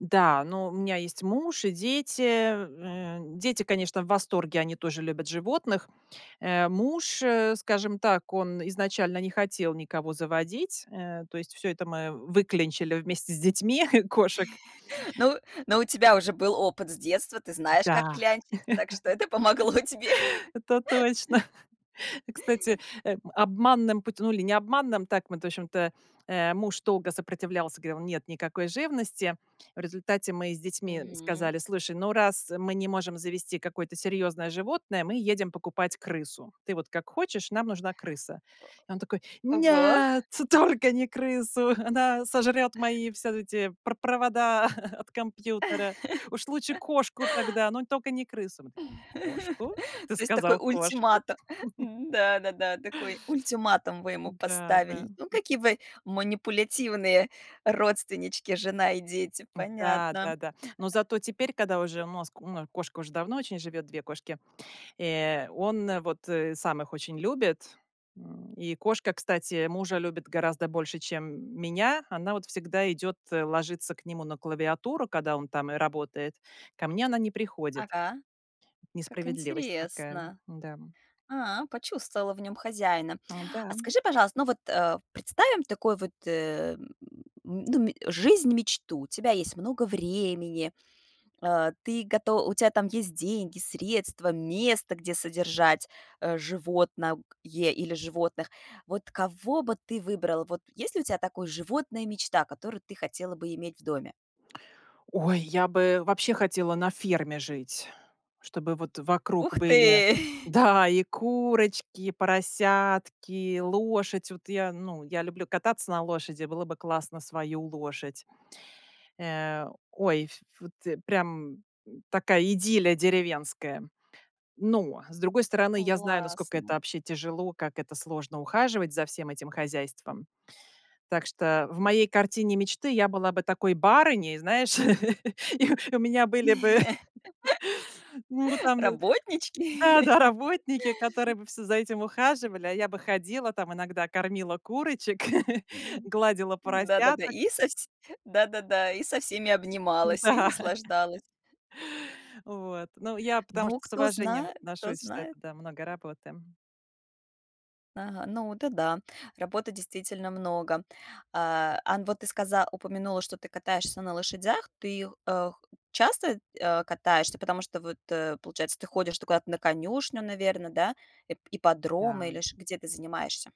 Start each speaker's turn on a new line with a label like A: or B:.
A: Да, но у меня есть муж и дети. Э, дети, конечно, в восторге. Они тоже любят животных. Э, муж, э, скажем так, он изначально не хотел никого заводить. Э, то есть всё это мы выклянчили вместе с детьми- кошек.
B: Ну ну, у тебя уже был опыт с детства, ты знаешь, как
A: Да,
B: клянчить, так что это помогло тебе.
A: это точно. Кстати, э, обманным путё ну, или не обманным, так мы в тощем-то, э, муж долго сопротивлялся, говорил: "Нет, никакой живности". В результате мы с детьми
B: Мгм.
A: сказали: "Слушай, ну, раз мы не можем завести какое-то серьезное животное, мы едем покупать крысу. Ты вот как хочешь, нам нужна крыса". И он такой:
B: Ого.
A: "Нет, только не крысу, она сожрет мои все эти пр провода от компьютера. Уж лучше кошку тогда, но только не крысу". Мы такие: "Кошку? Ты
B: То есть такой
A: сказал кошку?"
B: ультимату да-да-да, такой ультиматум вы ему
A: Да-да,
B: поставили. Ну,
A: м.
B: какие вы манипулятивные родственнички, жена и дети,
A: М, да,
B: понятно.
A: да-да. Но зато теперь, когда уже мозг кошка уже давно очень живет, 2 кошки, э, он вот, э, сам их очень любит. М, и кошка, кстати, мужа любит гораздо больше, чем м меня. Она вот всегда идёт, ложится к нему на клавиатуру, когда он там и работает. Ко мне она не приходит.
B: Ага, как
A: Несправедливость такая,
B: интересно.
A: да.
B: А, почувствовала в нём хозяина.
A: Э,
B: А
A: да.
B: скажи, пожалуйста, ну вот, э, представим такой вот, э, м ну, м жизнь-мечту: у тебя есть много времени, э, ты гото у тя там есть деньги, средства, место, где содержать, э, животно к е или животных. Вот кого бы ты выбрала, вот есть ли у тя такой животное-мечта, которую ты хотела бы иметь в доме?
A: Ой, я бы вообще хотела на ферме жить, чтобы вот
B: Ух
A: вокруг
B: ты!
A: были да, и курочки, и поросятки, лошадь вот. Я ну, я люблю кататься на лошади. Было бы классно свою лошадь. Э, ой, ф вот прям м, такая идиллия деревенская. Но, с другой стороны, я знаю, насколько это
B: Классно.
A: вообще тяжело, как это сложно ухаживать за всем этим хозяйством. Так что в моей картине мечты я была бы такой барыней, знаешь, и и у меня были бы ну там
B: Работнички.
A: да-да, работники, которые бы все за этим ухаживали,а я бы ходила там, иногда кормила курочек,
B: М.
A: гладила
B: Да-да-да,
A: поросяток.
B: и со вс да-да-да, и со всеми обнималась, и
A: М-да.
B: наслаждалась.
A: Вот. Ну, я потому
B: Ну,
A: что с
B: кто
A: уважением
B: знает кто
A: отношусь, что это,
B: знает.
A: да, много работы.
B: Ага. Ну, это да, работы действительно много. А, ан вот ты сказа упомянула, что ты катаешься на лошадях. Ты, э, х часто, э, катаешься? Потому что вот, э, получается, ты ходишь ты куда-то на конюшню, наверно, да? Ип ипподрома
A: Да.
B: или ш где ты занимаешься?